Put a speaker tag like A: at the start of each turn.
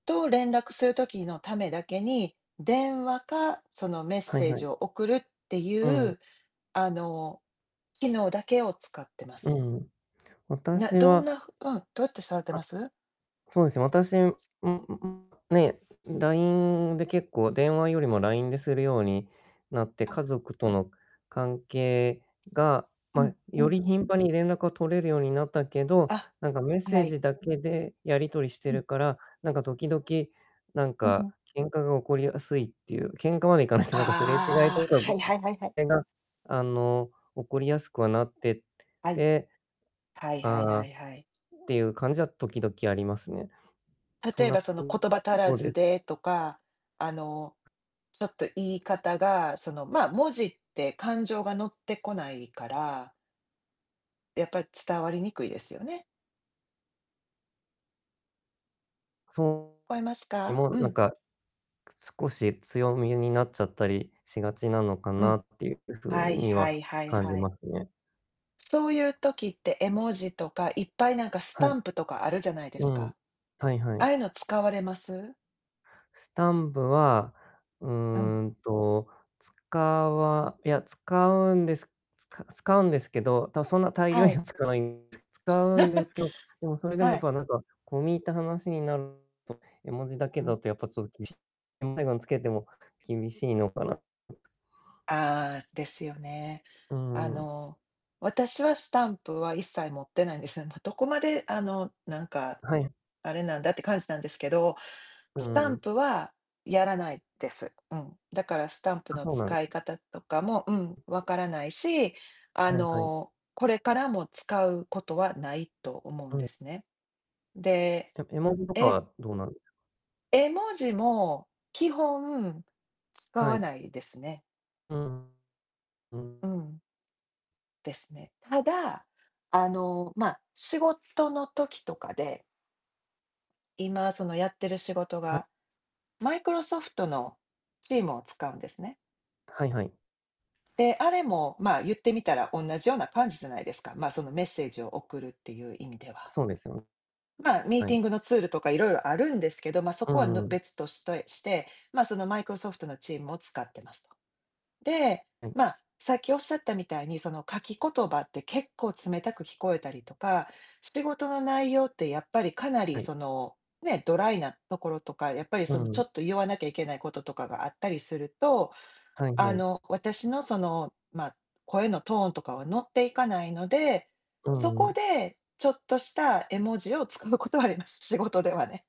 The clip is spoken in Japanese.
A: と連絡する時のためだけに、電話か、そのメッ
B: はい
A: セー
B: は
A: ジ
B: い。
A: を送るって
B: う
A: い
B: ん。
A: う、あの、機能だけを使ってま
B: う
A: す。
B: ん。
A: な
B: 私
A: どん
B: は
A: なうん、どうやって触って
B: あ、
A: ます？
B: そうですね、私んんんね、ラインで結構、電話よりもラインでするようになって、
A: う
B: 家
A: ん。
B: 族との関係が、
A: う
B: ま、
A: んう
B: よ
A: ん。
B: り頻繁に連絡が取れるようになったけど、
A: あ、
B: なんかメッセー
A: はい。
B: ジだけでやり取りして
A: うん。
B: るから、なんか時々、なん
A: うう
B: か
A: ん。
B: 喧嘩が起こりやすいっていう、喧嘩までいかなくて、なんかすれ違いと
A: ああ、
B: か
A: はいはいはいはい。
B: が、あの、起こりやすくはなって
A: はい。
B: て、
A: はいはいは
B: 「ああ」
A: いはい。
B: っていう感じは時々ありますね。そん
A: 例え
B: な
A: ばその 言葉足ら
B: とで
A: ず
B: す。
A: でとか、あの、ちょっと言い方がその、ま、文字って感情が乗ってこないからやっぱ伝わりにくいですよね。
B: そう。
A: 聞こえます
B: で
A: か？
B: も
A: う
B: なん
A: ん。
B: か、少し強めになっちゃったりしがちなのか
A: う
B: な
A: ん。
B: っていう
A: は
B: 風
A: い
B: に
A: は
B: は
A: いはい
B: 感じ
A: は
B: ま
A: い。
B: すね。
A: そういう時って、絵文字とかいっぱいなんかス
B: は
A: タ
B: い。
A: ンプとかあるじゃないで
B: う
A: す
B: ん。
A: か。
B: はいは
A: あ
B: い。
A: あいうの使われます？
B: スタンプは、う
A: うん。
B: ーんと、使わいや、使うんですつか使うんですけど、たそんな大量
A: は
B: に
A: い。
B: は使わいん使
A: す
B: うんですけどでもそれ でも、
A: はい。
B: ぱなんか、込み入った話になると、絵文字だけ
A: うん。
B: だとやっぱちょっと厳し つけても厳しいのかな。
A: ああ、ですよね。
B: うー
A: あ
B: ん。
A: の、私はスタンプは一切持ってないんですね。どどこまであの、なんか、
B: はい。
A: あれなんだって感じなんですけど、
B: う
A: スタン
B: ん。
A: プはやらないです。うん。だからスタンプ
B: あ、
A: の
B: そうなんで
A: 使い方とかも、うん、分からないし、あ
B: はいはい。
A: の、これからも使うことはないと思う
B: う
A: ん
B: ん。
A: ですね。で、
B: え、絵文字とか
A: え
B: はどうなん
A: 絵文字も基本使
B: は
A: わ
B: い。
A: ないですね。
B: うん。うん。
A: うん。ですね。ただ、あの、ま、仕事の時とかで今そのやってる仕事
B: は
A: が、マイクロソフトのチームを使うんですね。
B: はいはい。
A: で、あれも、まあ、言ってみたらおんなじ様な感じじゃないですか。ま、そのメッセージを送るっていう意味では。
B: そうですよん。
A: まあ、ミー
B: は
A: ティ
B: い。
A: ングのツールとかいろいろあるんですけど、ま、そ
B: う
A: こはぬ
B: んうん。
A: 別としとえして、ま、そのマイクロソフトのチームを使ってますと。で、
B: はい。
A: まあ、さっき仰ったみたいに、その書き言葉って結構冷たく聞こえたりとか、仕事の内容ってやっぱりかなり
B: はい。
A: その、ね、ドライなところとか、やっぱり
B: う
A: そのちょ
B: ん。
A: っと言わなきゃいけないこととかがあったりすると、
B: はい
A: あ
B: はい。
A: の、私のその、ま、声のトーンとかは乗っていかないので、
B: う
A: そ
B: ん
A: こ
B: う
A: でちょっとした絵文字を使うことはあります。仕事ではね。